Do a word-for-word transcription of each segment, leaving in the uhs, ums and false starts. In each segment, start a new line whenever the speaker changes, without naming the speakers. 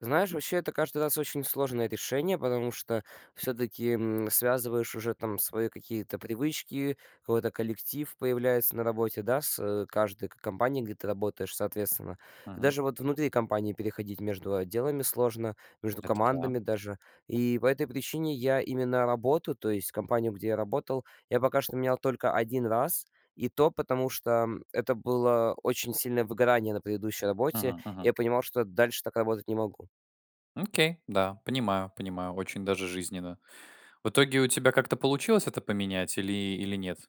Знаешь, вообще, это каждый раз очень сложное решение, потому что, всё-таки, м, связываешь уже там свои какие-то привычки, какой-то коллектив появляется на работе, да, с каждой ко компанией, где ты работаешь, соответственно.
Мгм.
Даже вот внутри компании переходить между отделами сложно, между
Это да.
командами даже. И по этой причине я именно работу, то есть компанию, где я работал, я пока что менял только один раз. И то, потому что, м, это было очень сильное выгорание на предыдущей работе.
Мгм-мгм.
Я понимал, что дальше так работать не могу.
Окей. Да, понимаю, понимаю. Очень даже жизненно. В итоге у тебя как-то получилось это поменять или или нет?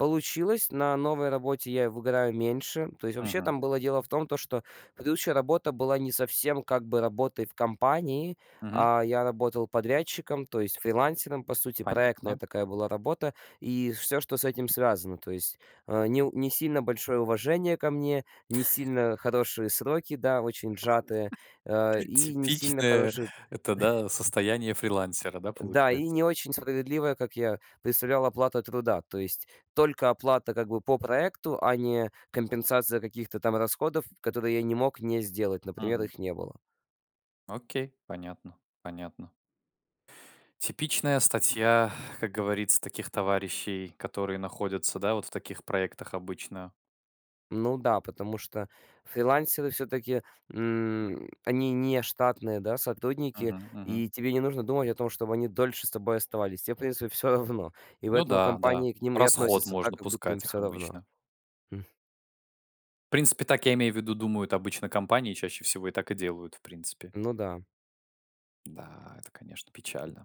Получилось. На новой работе я выгораю меньше. То есть вообще
Мгм.
там было дело в том, то что предыдущая работа была не совсем как бы работой в компании,
Мгм.
а я работал подрядчиком, то есть фрилансером. По сути проектная
Понятно.
такая была работа и всё, что с этим связано. То есть, а, не у не сильно большое уважение ко мне, не сильно хорошие сроки, да, очень сжатые. А, и не сильно
Типичное
хороший
это, да, состояние фрилансера, да,
Да, и
получается?
не очень справедливая, как я представлял, оплата труда. То есть только оплата, как бы по проекту, а не компенсация каких-то там расходов, которые я не мог не сделать. Например,
Мгм.
их не было.
Окей, понятно. Понятно. Типичная статья, как говорится, таких товарищей, которые находятся, да, вот в таких проектах обычно.
Ну да, потому что фрилансеры всё-таки, м, они не штатные, да, сотрудники,
Мгм, мгм.
и тебе не нужно думать о том, чтоб они дольше с тобой оставались. Тебе, в принципе, всё равно, и в
Ну
этом
да, да.
компании к ним и
Расход
относится
можно
так, как будто им
пускать их
всё равно..
обычно.
М.
В принципе, так, я имею в виду, думают обычно компании, чаще всего и так и делают, в принципе.
Ну да.
Да, это, конечно, печально.